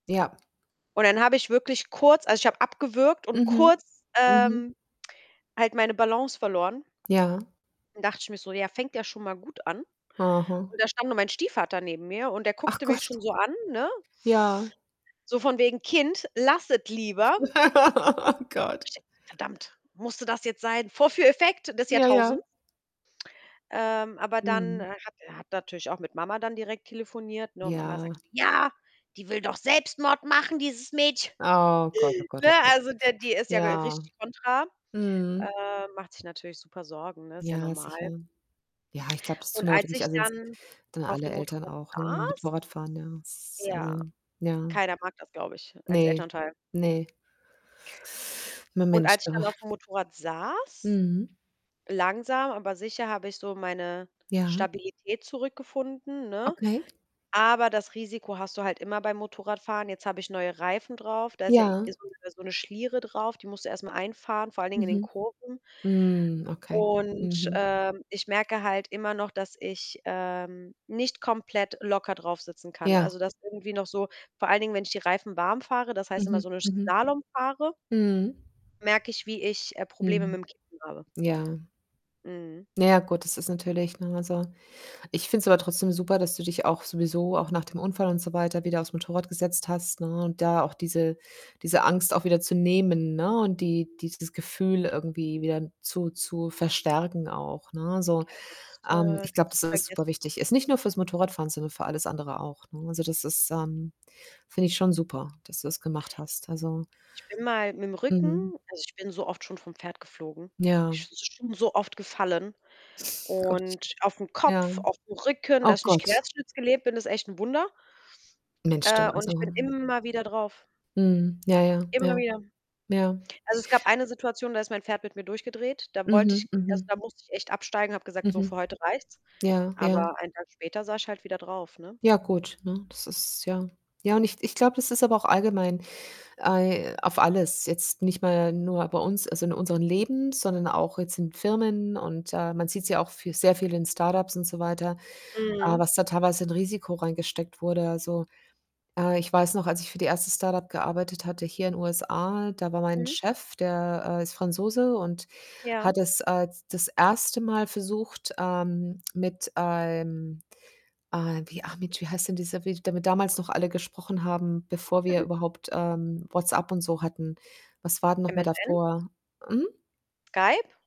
Ja. Und dann habe ich wirklich kurz also, ich habe abgewürgt und Mhm. kurz, Mhm. ähm, halt meine Balance verloren. Ja. Dann dachte ich mir so: „Ja, fängt ja schon mal gut an.“ Aha. Und da stand nur mein Stiefvater neben mir und der Ach guckte mich Gott. schon so an, ne? Ja. So von wegen „Kind, lass es lieber.“ Oh Gott. Ich denke so: „Verdammt, musste das jetzt sein?“ Vorführeffekt des Ja, ja. Jahrtausends. Ähm, aber dann Mhm. hat hat er natürlich auch mit Mama dann direkt telefoniert, ne? Mama Ja. sagt: „Ja, die will doch Selbstmord machen, dieses Mädchen.“ Oh Gott, oh Gott, Ne, oh Gott. also der die ist ja Ja. richtig kontra. Mhm. Äh, macht sich natürlich super Sorgen, ne, ist ja Ja, sicher. normal. Ja, ich glaube, das Und tun aber als wirklich, ich also wenn's dann dann auf alle dem Eltern Motorrad auch, ne, mit saß Motorrad fahren, ja. Es ist Ja, also, ja. keiner mag das, glaube ich, als Ne, Elternteil. ne. Na, Und Mensch, als ich du. dann aufm Motorrad saß, Mhm. langsam, aber sicher habe ich so meine Ja. Stabilität zurückgefunden, ne? Okay. Aber das Risiko hast du halt immer beim Motorradfahren. Jetzt habe ich neue Reifen drauf. Da ist ja Ja. so 'ne so 'ne Schliere drauf, die musst du erst mal einfahren, vor allen Dingen in den Mhm. Kurven. Mhm, okay. Und, Mhm. ähm, ich merke halt immer noch, dass ich, ähm, nicht komplett locker draufsitzen kann. Ja. Also dass irgendwie noch so, vor allen Dingen, wenn ich die Reifen warm fahre, das heißt immer Mhm, so ne mhm. Slalom fahre Mhm. merke ich, wie ich, äh, Probleme mit Mhm. 'm [unintelligible] habe. Ja. Mhm. Na ja, gut, das ist natürlich, ne, also ich finde es aber trotzdem super, dass du dich auch sowieso auch nach dem Unfall und so weiter wieder auf's Motorrad gesetzt hast, ne, und da auch diese diese Angst auch wieder zu nehmen, ne? Und die dieses Gefühl irgendwie wieder zu zu verstärken auch, ne? Also, Ja sonst, ähm, äh, ich glaube, kannst dass du's das vergessen. superwichtig ist, nicht nur für's Motorradfahren, sondern für alles andere auch, ne? Also das ist, ähm finde ich schon super, dass du das gemacht hast. Also Ich bin mal mit 'm Rücken Mhm. also ich bin so oft schon vom Pferd geflogen. Ja. Ich bin schon so oft gefallen, Gottchen. und auf 'n Ja. Kopf, auf 'n Rücken. Oh Dass ich nicht Gott. querschnittsgelähmt bin, ist echt 'n Wunder. Mensch, du, Äh, und ich also bin immer wieder drauf. Mhm, ja, ja, Immer ja. wieder. Ja. Also es gab eine Situation, da ist mein Pferd mit mir durchgedreht. Da wollte ich Mhm, also mhm. da musste ich echt absteigen, habe gesagt, so, für Mhm. heute reicht's. Ja, ja. Aber ein Tag später saß ich halt wieder drauf, ne? Ja, gut, ne, das ist ja ja, und ich ich glaube, das ist aber auch allgemein ei auf alles, jetzt nicht mal nur bei uns, also in unseren Leben, sondern auch jetzt in Firmen und, äh, man sieht's ja auch für sehr viel in Start-ups und so weiter, äh, Mhm. was da teilweise in Risiko reingesteckt wurde. Also, äh, ich weiß noch, als ich für die 1. Start-up gearbeitet hatte hier in USA, da war mein Mhm. Chef, der, äh, ist Franzose und Ja. hat es, äh, das 1. Mal versucht, ähm, mit einem, äh, wie ah Mensch, wie heißt denn dieser Vid damit damals noch alle gesprochen haben, bevor wir M-m. überhaupt, ähm, WhatsApp und so hatten. Was war denn noch mal MSN? davor? Hm? Skype?